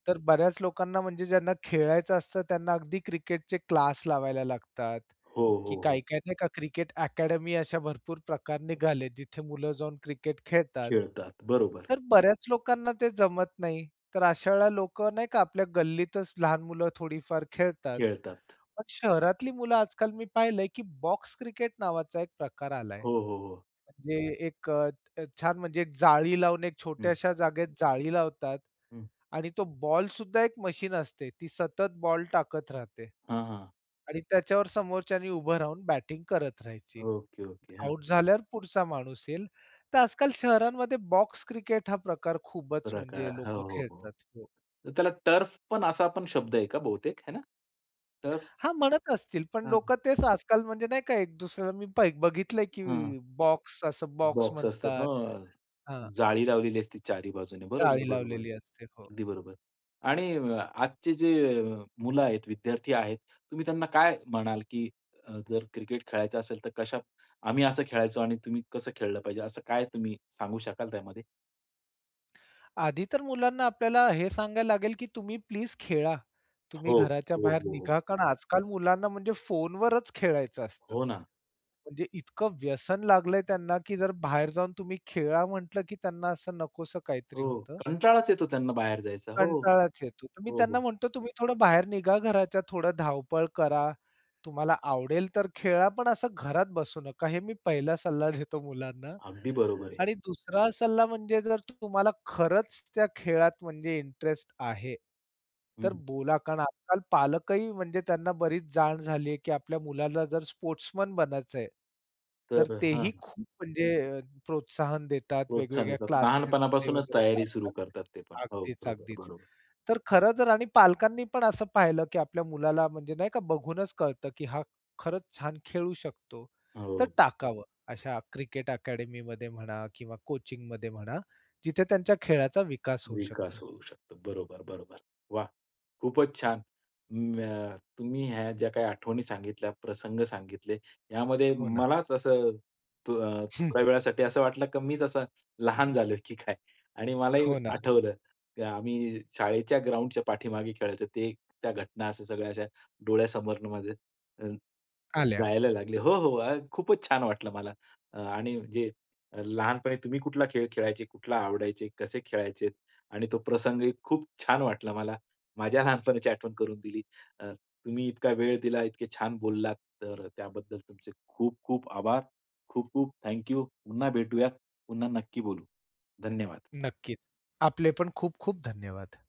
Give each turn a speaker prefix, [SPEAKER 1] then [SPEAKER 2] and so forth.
[SPEAKER 1] तर बऱ्याच लोकांना, म्हणजे ज्यांना खेळायचं असतं, त्यांना अगदी क्रिकेटचे क्लास लावायला लागतात.
[SPEAKER 2] हो, हो,
[SPEAKER 1] की
[SPEAKER 2] हो.
[SPEAKER 1] काय-काय नाही, का क्रिकेट अकॅडमी, अशा भरपूर प्रकार निघाले, जिथे मुलं जाऊन क्रिकेट खेळतात.
[SPEAKER 2] खेळतात. बरोबर.
[SPEAKER 1] तर बऱ्याच लोकांना ते जमत नाही. तर अशा वेळेला लोकं नाही का आपल्या गल्लीतच लहान मुलं थोडीफार खेळतात.
[SPEAKER 2] खेळतात.
[SPEAKER 1] पण शहरातली मुलं आजकाल मी पाहिलंय, की बॉक्स क्रिकेट नावाचा एक प्रकार आलाय.
[SPEAKER 2] हो, हो, हो.
[SPEAKER 1] म्हणजे एक अ, छान, म्हणजे एक जाळी लावून, एक
[SPEAKER 2] हं.
[SPEAKER 1] छोट्याश्या जागेत जाळी लावतात
[SPEAKER 2] हं.
[SPEAKER 1] आणि तो बॉल सुद्धा एक मशीन असते. ती सतत बॉल टाकत राहते.
[SPEAKER 2] हां, हां.
[SPEAKER 1] आणि त्याच्यावर समोरच्यानी उभं राहून बॅटिंग करत राहायची.
[SPEAKER 2] Okay, okay. हां.
[SPEAKER 1] आउट झाल्यावर पुढचा माणूस येईल. तर आजकाल शहरांमध्ये बॉक्स क्रिकेट हा प्रकार खूपच म्हणजे
[SPEAKER 2] प्रकार. हो,
[SPEAKER 1] लोकं
[SPEAKER 2] हो, हो.
[SPEAKER 1] खेळतात. हो.
[SPEAKER 2] तर त्याला टर्फ पण असा पण शब्द आहे का बहुतेक? आहे ना? टर्फ.
[SPEAKER 1] हां, म्हणत असतील पण
[SPEAKER 2] हां.
[SPEAKER 1] लोकं तेच आजकाल म्हणजे नाही का एक दुसर पा मी बघितलंय
[SPEAKER 2] हं.
[SPEAKER 1] की बॉक्स असं बॉक्स
[SPEAKER 2] बॉक्स असतात,
[SPEAKER 1] म्हणतात.
[SPEAKER 2] हां.
[SPEAKER 1] हां.
[SPEAKER 2] जाळी लावलेली असते चारी बाजूने. बरोबर,
[SPEAKER 1] जाळी
[SPEAKER 2] बरोबर.
[SPEAKER 1] लावलेली असते, हो.
[SPEAKER 2] अगदी बरोबर. आणि आजची जे मुलं आहेत, विद्यार्थी आहेत, तुम्ही त्यांना काय म्हणाल, की अ, जर क्रिकेट खेळायचं असेल, तर कशा आम्ही असं खेळायचो आणि तुम्ही कसं खेळलं पाहिजे, असं काय तुम्ही सांगू शकाल त्यामध्ये?
[SPEAKER 1] आधी तर मुलांना आपल्याला हे सांगायला लागेल की तुम्ही प्लीज खेळा. तुम्ही
[SPEAKER 2] हो,
[SPEAKER 1] घराच्या
[SPEAKER 2] हो,
[SPEAKER 1] बाहेर
[SPEAKER 2] हो, हो.
[SPEAKER 1] निघा. कारण आजकाल मुलांना म्हणजे फोनवरच खेळायचं असतं.
[SPEAKER 2] हो ना.
[SPEAKER 1] म्हणजे इतकं व्यसन लागलंय त्यांना, की जर बाहेर जाऊन तुम्ही खेळा म्हंटलं की त्यांना असं नकोसं काहीतरी
[SPEAKER 2] हो.
[SPEAKER 1] होतं.
[SPEAKER 2] कंटाळाच येतो त्यांना बाहेर जायचा. हो.
[SPEAKER 1] कंटाळाच येतो. तर मी
[SPEAKER 2] हो,
[SPEAKER 1] त्यांना
[SPEAKER 2] हो.
[SPEAKER 1] म्हणतो, "तुम्ही थोडं बाहेर निघा घराच्या, थोडी धावपळ करा, तुम्हाला आवडेल तर खेळा, पण असं घरात बसू नका." हे मी पहिला सल्ला देतो मुलांना.
[SPEAKER 2] अगदी बरोबर आहे.
[SPEAKER 1] आणि दुसरा सल्ला म्हणजे जर तुम्हाला खरंच त्या खेळात म्हणजे इंटरेस्ट आहे, तर
[SPEAKER 2] हं.
[SPEAKER 1] बोला. कारण आजकाल पालकही म्हणजे त्यांना बरीच जाण झाली आहे, की आपल्या मुलाला जर स्पोर्ट्समन बनायचंय, तर
[SPEAKER 2] तर अ,
[SPEAKER 1] तेही
[SPEAKER 2] हां.
[SPEAKER 1] खूप म्हणजे प्रोत्साहन देतात
[SPEAKER 2] प्रोत्साहन
[SPEAKER 1] वेगवेगळ्या
[SPEAKER 2] देतात.
[SPEAKER 1] क्लासेसमध्ये
[SPEAKER 2] लहानपणापासूनच
[SPEAKER 1] वगैरे.
[SPEAKER 2] तयारी सुरू
[SPEAKER 1] [unintelligible]
[SPEAKER 2] करतात ते पण. हो.
[SPEAKER 1] अगदीच,
[SPEAKER 2] बरोबर,
[SPEAKER 1] अगदीच.
[SPEAKER 2] बरोबर.
[SPEAKER 1] तर खरंतर आणि पालकांनी पण असं पाहिलं, की आपल्या मुलाला म्हणजे नाही का, बघूनच कळतं की हा खरंच छान खेळू शकतो. तर
[SPEAKER 2] हो.
[SPEAKER 1] टाकावं अशा क्रिकेट अकॅडमीमध्ये म्हणा किंवा कोचिंगमध्ये म्हणा, जिथे त्यांच्या खेळाचा विकास होऊ
[SPEAKER 2] विकास
[SPEAKER 1] शकतो.
[SPEAKER 2] होऊ शकतो. बरोबर, बरोबर. वाह! खूपच छान. म अ, तुम्ही ह्या ज्या काही आठवणी सांगितल्या, प्रसंग सांगितले, यामध्ये
[SPEAKER 1] हो ना.
[SPEAKER 2] मलाच असं तू अ,
[SPEAKER 1] हं.
[SPEAKER 2] थोड्या वेळासाठी असं वाटलं की मी जसा लहान झालोय की काय? आणि मलाही
[SPEAKER 1] हो ना.
[SPEAKER 2] आठवलं, की आम्ही शाळेच्या ग्राउंडच्या पाठीमागे खेळायचो. ते त्या घटना अशा सगळ्या अशा डोळ्यासमोरनं माझ्या हं,
[SPEAKER 1] आल्या.
[SPEAKER 2] जायला लागले. हो, हो. खूपच छान वाटलं मला. आणि जे लहानपणी तुम्ही कुठला खेळ खेळायचे, कुठला आवडायचे, कसे खेळायचे आणि तो प्रसंगही खूप छान वाटला मला. माझ्या लहानपणाची आठवण करून दिली. अ, तुम्ही इतका वेळ दिला, इतके छान बोललात, तर अ, त्याबद्दल तुमचे खूप खूप आभार. खूप खूप थँक यू. पुन्हा भेटूयात. पुन्हा नक्की बोलू. धन्यवाद.
[SPEAKER 1] नक्कीच. आपले पण खूप खूप धन्यवाद.